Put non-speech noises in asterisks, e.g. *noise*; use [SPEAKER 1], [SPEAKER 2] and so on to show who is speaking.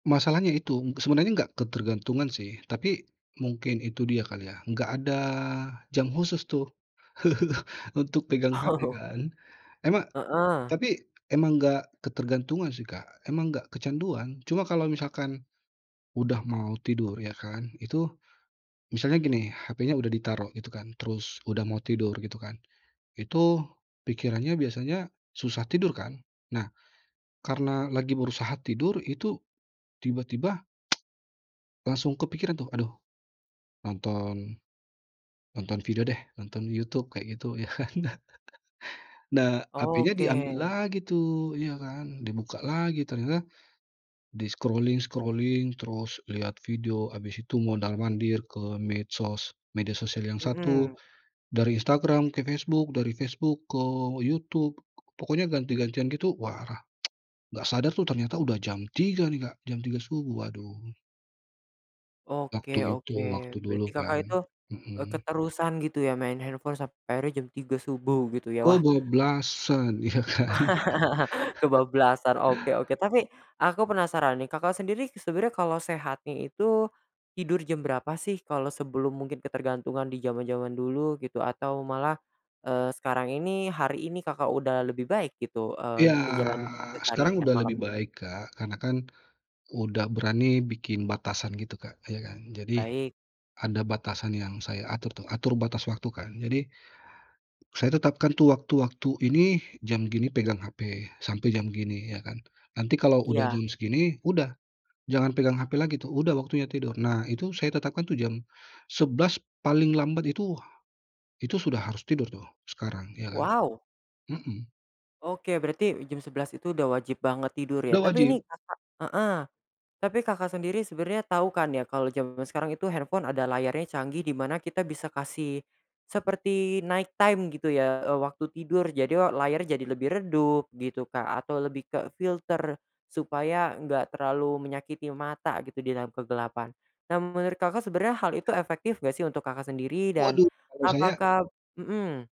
[SPEAKER 1] Masalahnya itu, sebenarnya nggak ketergantungan sih, tapi mungkin itu dia kali ya nggak ada jam khusus tuh, *chuckles* untuk pegang HP
[SPEAKER 2] Oh.
[SPEAKER 1] kan. Emang
[SPEAKER 2] Heeh.
[SPEAKER 1] tapi emang nggak ketergantungan sih Kak, emang nggak kecanduan. Cuma kalo misalkan udah mau tidur ya kan itu, misalnya gini HP-nya udah ditaruh gitu kan, terus udah mau tidur gitu kan, itu pikirannya biasanya susah tidur kan? Nah, karena lagi berusaha tidur itu tiba-tiba, *tsk* Langsung kepikiran tuh aduh, nonton nonton video deh, nonton YouTube kayak gitu ya kan. *chuckles* Nah, hapenya diambil
[SPEAKER 2] Oke.
[SPEAKER 1] lagi tuh, ya kan. Dibuka lagi ternyata di-scrolling-scrolling terus lihat video habis itu mondar-mandir ke medsos, media sosial yang satu
[SPEAKER 2] Hmm.
[SPEAKER 1] dari Instagram ke Facebook, dari Facebook ke YouTube, pokoknya ganti-gantian gitu wah, *tsk* nggak sadar tuh ternyata udah jam 3.00 nih Kak, jam 3.00 subuh, aduh!
[SPEAKER 2] Oke
[SPEAKER 1] Waktu itu,
[SPEAKER 2] oke,
[SPEAKER 1] waktu dulu
[SPEAKER 2] berarti
[SPEAKER 1] kan.
[SPEAKER 2] Kakak itu, eee,
[SPEAKER 1] Hmm.
[SPEAKER 2] keterusan gitu ya main handphone sampe akhirnya jam 3.00 subuh gitu ya? Wah.
[SPEAKER 1] Kebablasan ya kan.
[SPEAKER 2] *chuckles*
[SPEAKER 1] *chuckles*
[SPEAKER 2] Kebablasan oke oke, tapi, aku penasaran nih Kakak sendiri sebenernya kalo sehatnya itu tidur jam berapa sih? Kalo sebelum mungkin ketergantungan di jaman-jaman dulu gitu atau malah, eee, sekarang ini, hari ini Kakak udah lebih baik gitu, eee,
[SPEAKER 1] Iya,
[SPEAKER 2] menjalani
[SPEAKER 1] sekarang
[SPEAKER 2] keseharian
[SPEAKER 1] udah
[SPEAKER 2] malam?
[SPEAKER 1] lebih baik Kak karena kan udah berani bikin batasan gitu Kak, ya kan. Jadi
[SPEAKER 2] Baik.
[SPEAKER 1] ada batasan yang saya atur, tau atur batas waktu kan jadi, saya tetapkan tuh waktu-waktu, ini jam gini pegang HP sampai jam gini ya kan, nanti kalau udah
[SPEAKER 2] Iya.
[SPEAKER 1] jam segini, udah jangan pegang HP lagi tuh, udah waktunya tidur. Nah itu saya tetapkan tuh jam 11.00 paling lambat itu, itu sudah harus tidur tuh sekarang, ya kan.
[SPEAKER 2] Wow.
[SPEAKER 1] Hmm.
[SPEAKER 2] Oke berarti jam 11.00 itu udah wajib banget tidur
[SPEAKER 1] Udah
[SPEAKER 2] ya? Tapi
[SPEAKER 1] wajib.
[SPEAKER 2] ini Kakak heeh, tapi Kakak sendiri sebenarnya tahu kan ya kalo jaman sekarang itu handphone ada layarnya canggih di mana kita bisa kasih seperti night time gitu ya, eee, waktu tidur jadi e layarnya jadi lebih redup gitu Kak, atau lebih kefilter supaya enggak terlalu menyakiti mata gitu di dalam kegelapan. Nah menurut Kakak sebenarnya hal itu efektif nggak sih untuk Kakak sendiri dan
[SPEAKER 1] Waduh kalo saya
[SPEAKER 2] apakah hmm.